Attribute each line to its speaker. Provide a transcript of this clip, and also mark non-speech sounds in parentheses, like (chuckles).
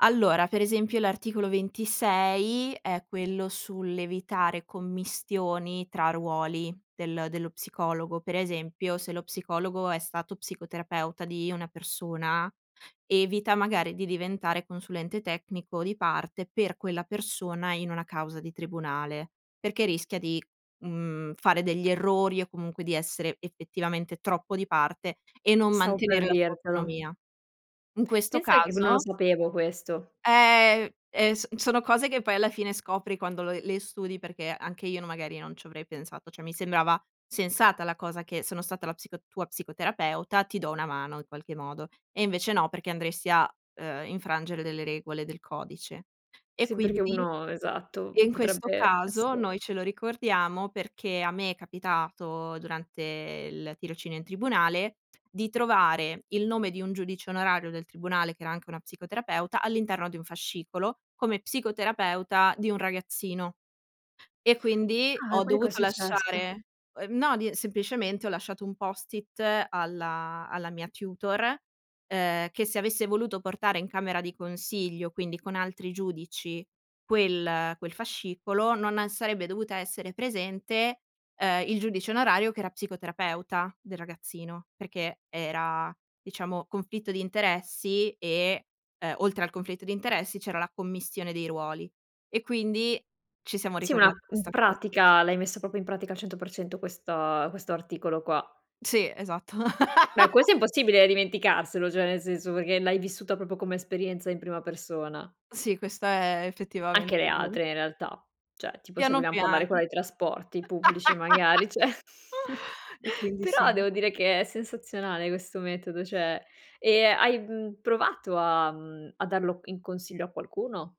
Speaker 1: Allora, per esempio l'articolo 26 è quello sull'evitare commistioni tra ruoli del dello psicologo. Per esempio, se lo psicologo è stato psicoterapeuta di una persona, evita magari di diventare consulente tecnico di parte per quella persona, in una causa di tribunale, perché rischia di, mhmm, fare degli errori o comunque di essere effettivamente troppo di parte, e non
Speaker 2: Stavo per
Speaker 1: mantenere la sua
Speaker 2: dirtelo.
Speaker 1: autonomia. In questo
Speaker 2: Pensa che v non lo
Speaker 1: caso
Speaker 2: sapevo questo.
Speaker 1: Ehm, ehm, so sono cose che poi alla fine scopri quando lo le studi perché anche io n magari non ci avrei pensato, cioè mi sembrava sensata la cosa che: sono stata la psico tua psicoterapeuta ti do una mano in qualche modo. E invece no perché andresti a, ehm, infrangere delle regole del codice. E
Speaker 2: Sì, perché
Speaker 1: quindi
Speaker 2: uno esatto,
Speaker 1: e in questo
Speaker 2: potrebbe
Speaker 1: caso,
Speaker 2: esse
Speaker 1: noi ce lo ricordiamo perché a me è capitato durante il tirocinio in tribunale, di trovare il nome di un giudice onorario del tribunale, che era anche una psicoterapeuta all'interno di un fascicolo, come psicoterapeuta di un ragazzino E quindi
Speaker 2: Ah,
Speaker 1: ho
Speaker 2: quindi
Speaker 1: dovuto
Speaker 2: cos'è successo?
Speaker 1: lasciare, ehm, no, di semplicemente ho lasciato un post-it, alla alla mia tutor, ehm, che se avesse voluto portare in camera di consiglio, quindi con altri giudici, quel quel fascicolo non, ehm, sarebbe dovuta essere presente, ehm, il giudice onorario che era psicoterapeuta del ragazzino, perché era diciamo conflitto di interessi, e, ehm, oltre al conflitto di interessi c'era la commistione dei ruoli, e quindi ci siamo
Speaker 2: Sì, ma una,
Speaker 1: ricordati
Speaker 2: mhmm,
Speaker 1: questa cosa.
Speaker 2: pratica l'hai messa proprio in pratica al 100 % questa questo articolo qua.
Speaker 1: Sì, esatto.
Speaker 2: Beh, questo
Speaker 1: (laughs)
Speaker 2: è impossibile dimenticarselo, cioè nel senso, perché l'hai vissuta, proprio come esperienza in prima persona.
Speaker 1: Sì, questa è
Speaker 2: Anche le
Speaker 1: effettivamente ve
Speaker 2: altre in realtà, cioè tipo se
Speaker 1: Piano
Speaker 2: vogliam
Speaker 1: piano.
Speaker 2: parlare quella dei trasporti pubblici
Speaker 1: (laughs)
Speaker 2: magari, cioè. (chuckles)
Speaker 1: E quindi,
Speaker 2: Però
Speaker 1: sì.
Speaker 2: devo dire che è sensazionale, questo metodo, cioè. Ehm, hai, mhmm, provato a mhmm, a darlo in consiglio a qualcuno?